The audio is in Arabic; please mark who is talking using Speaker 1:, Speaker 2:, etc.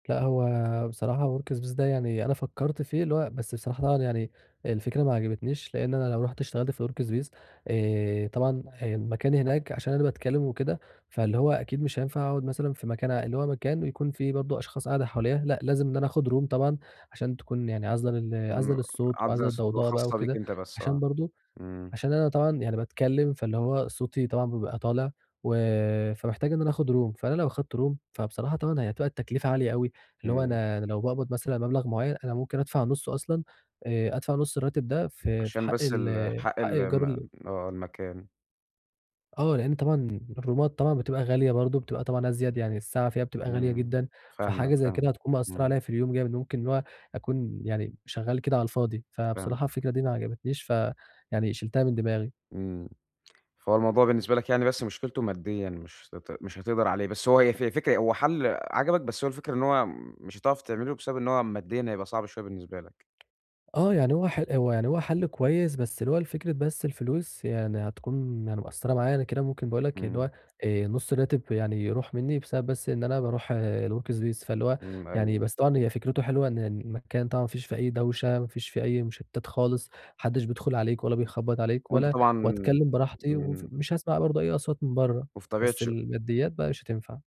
Speaker 1: لأ هو بصراحة Workspace ده يعني أنا فكّرت فيه، اللي هو بس بصراحة [unintelligible] يعني، الفكرة ما عجبتنيش لإن أنا لو رُحت اشتغلت في الWorkspace، آآ طبعًا ه المكان هناك عشان أنا باتكلّم وكده، فاللي هو أكيد مش هينفع أقعد مثلًا في مكان ع اللي هو مكان ويكون في برضو أشخاص قاعدة حواليّا، لأ لازم إن أنا آخد Room طبعًا، عشان تكون يعني عازلة لل عازلة
Speaker 2: امم،
Speaker 1: للصوت
Speaker 2: عازلة
Speaker 1: وعازلة
Speaker 2: للصوت
Speaker 1: للضوضاء بقى
Speaker 2: وخاصة بيك
Speaker 1: وكده،
Speaker 2: أنت بس
Speaker 1: عشان
Speaker 2: آه،
Speaker 1: برضو،
Speaker 2: امم.
Speaker 1: عشان أنا طبعًا يعني باتكلّم فاللي هو صوتي طبعًا بيبقى طالع، و فمحتاج إن أنا آخد Room، فأنا لو أخدت Room فبصراحة طبعًا هي هتبقى التكلفة عالية أوي، اللي هو
Speaker 2: إمم.
Speaker 1: أنا أنا لو باقبض مثلًا مبلغ معيّن، أنا ممكن أدفع نُصّه أصلًا، آآ أدفع نُص الراتب ده في في
Speaker 2: عشان
Speaker 1: حق
Speaker 2: بس
Speaker 1: ال
Speaker 2: ال حق
Speaker 1: حق ايجار
Speaker 2: الم
Speaker 1: ال
Speaker 2: آه المكان.
Speaker 1: آه لإن طبعًا الرومات طبعًا بتبقى غالية برضو، بتبقى طبعًا أزيد يعني الساعة فيها بتبقى غالية
Speaker 2: إمم،
Speaker 1: جدًا،
Speaker 2: فاهمك،
Speaker 1: فحاجة زي كده
Speaker 2: فاهمك،
Speaker 1: هتكون مأثّرة
Speaker 2: إمم.
Speaker 1: عليا في اليوم جامد ممكن اللي هو، أكون يعني شغّال كده على الفاضي، فبصراحة
Speaker 2: فاهمك.
Speaker 1: الفكرة دي ما عجبتنيش فيعني شِلتها من دماغي.
Speaker 2: إمم، فهو الموضوع بالنسبة لك يعني بس مشكلته ماديًا مش هت مش هتقدر عليه، بس هو ف فكرة هو حل عَجَبك بس هو الفكرة إن هو، مش هتعرف تعمله بسبب إن هو ماديًا هيبقى صعب شويّة بالنسبة لك.
Speaker 1: آه يعني هو ح هو يعني هو حل كويّس بس اللي هو لفكرة بس الفلوس يعني هتكون يعني مأثّرة معايا، أنا كده ممكن باقول لك اللي
Speaker 2: إمم.
Speaker 1: هو، آآ نُص الراتب يعني يروح مِنّي بسبب بس إن أنا باروح الWorkspace فاللي هو،
Speaker 2: إمم،
Speaker 1: يعني
Speaker 2: أيوه.
Speaker 1: بس طبعًا هي فكرته حلوة إن المكان طبعًا ما فيش فيه أي دوشة، ما فيش فيه أي مُشتتات خالص، ما حدش بيدخل عليك ولا بيخبط عليك
Speaker 2: وأنت
Speaker 1: ولا
Speaker 2: طبعًا
Speaker 1: وأتكلّم براحتي وف
Speaker 2: إمم.
Speaker 1: مش هاسمع برضو أي أصوات من برّه،
Speaker 2: وفي طبيعة
Speaker 1: بس
Speaker 2: شُ
Speaker 1: الماديات بقى مش هتنفع.